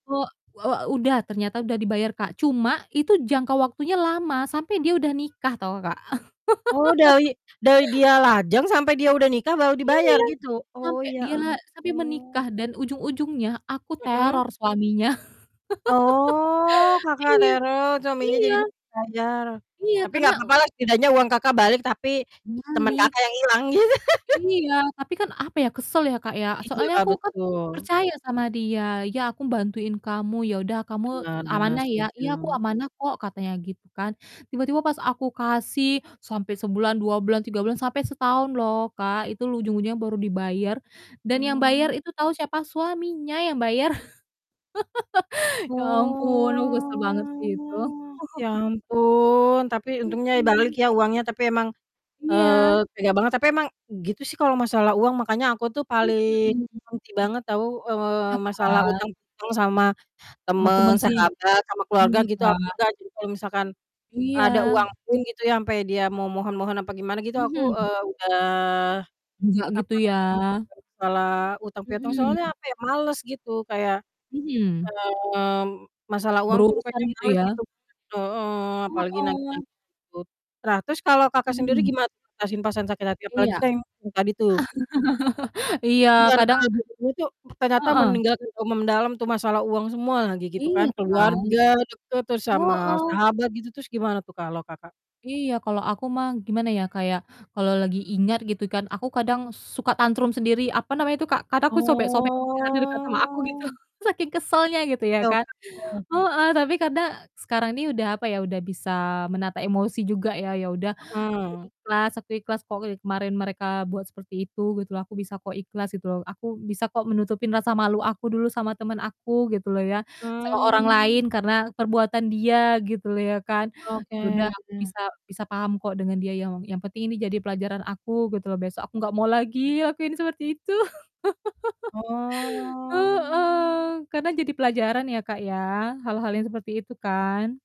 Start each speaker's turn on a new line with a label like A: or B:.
A: Wo e udah ternyata udah dibayar Kak, cuma itu jangka waktunya lama sampai dia udah nikah tau, Kak.
B: Oh dari dari dia lajang sampai dia udah nikah baru
A: Iya,
B: dibayar gitu? Oh
A: sampai
B: ya
A: dia sampai
B: ampun.
A: menikah dan ujung-ujungnya aku
B: Mhm.
A: teror suaminya.
B: Oh, Kakak
A: Iya,
B: teror suaminya
A: iya.
B: jadinya bayar,
A: Iya,
B: tapi
A: karena
B: nggak apa-apa lah, setidaknya uang Kakak balik tapi teman
A: Balik.
B: Kakak yang hilang gitu.
A: Iya, tapi kan apa ya, kesel ya, Kak, ya,
B: Iya,
A: soalnya aku kan
B: betul.
A: percaya sama dia, "Ya aku bantuin kamu ya udah kamu
B: Iya bener,
A: amanah ya?"
B: setuju.
A: "Iya aku amanah kok," katanya gitu kan. Tiba-tiba pas aku kasih sampai sebulan, 2 bulan, 3 bulan, sampai setahun loh Kak, itu ujung-ujungnya baru dibayar, dan yang bayar
B: Mmm.
A: itu tahu siapa? Suaminya yang bayar. Ya ampun, aku kesel banget sih itu.
B: Oh, ya ampun, tapi
A: Mmm
B: untungnya balik
A: mmm.
B: ya uangnya, tapi emang,
A: Iya.
B: eee, tega banget, tapi emang gitu sih kalau masalah uang, makanya aku tuh
A: Mmm,
B: paling
A: hmm.
B: benci banget tau, eee,
A: Iya
B: masalah
A: kan?
B: utang-utang sama
A: Sama
B: temen,
A: temen sih,
B: sahabat, sama keluarga
A: rumit
B: gitu aku
A: Kak.
B: nggak sih, kalau misalkan ada
A: Iya.
B: uang pun gitu ya, sampai dia memohon-mohon apa gimana gitu, eee, aku
A: Mhm.
B: udah,
A: Nggak gitu
B: apa
A: ya.
B: namanya, kalo masalah utang-piutang, soalnya
A: Mhm.
B: kayak males gitu kayak,
A: Mhm.
B: mmm, masalah uang tuh
A: Berurusan
B: pokoknya
A: gitu
B: males
A: ya?
B: gitu, heeh. Apalagi
A: Heeh.
B: nagih-nagih gitu. Tra terus kalau Kakak sendiri
A: Mhm.
B: gimana tuh mengatasi perasaan sakit hati?
A: Iya.
B: Apalagi kan yang tadi tuh?
A: iya
B: Di
A: kadang
B: antara dulu-dulu tuh ternyata
A: Heeh.
B: meninggalkan trauma mendalam tuh masalah uang semua lagi gitu
A: Iya
B: kan,
A: kan,
B: keluarga deket, terus sama
A: heeh.
B: sahabat, gitu, terus gimana tuh kalau Kakak?
A: Iya, kalau aku mah, gimana ya kayak, kalau lagi ingat gitu kan, aku kadang suka tantrum sendiri, apa namanya itu Kak, kan aku sobek-sobek [unintelligible] di dekat sama aku gitu,
B: Oh.
A: saking kesalnya gitu ya kan,
B: Oke. [unintelligible]
A: heeh. Tapi kadang, sekarang ini udah apa ya, udah bisa menata emosi juga ya, ya udah aku
B: Mhm.
A: ikhlas aku ikhlas kok dari kemarin mereka buat seperti itu gitu loh, aku bisa kok ikhlas gitu loh, aku bisa kok menutupin rasa malu aku dulu sama temen aku gitu loh ya, sama orang
B: Mmm.
A: lain karena perbuatan dia gitu loh ya kan.
B: Oke.
A: Ya udah aku bisa bisa paham kok dengan dia, yang yang penting ini jadi pelajaran aku gitu loh, besok aku nggak mau lagi, lakuin seperti itu.
B: Oh.
A: Heeh, karena jadi pelajaran ya Kak ya, hal-hal yang seperti itu kan.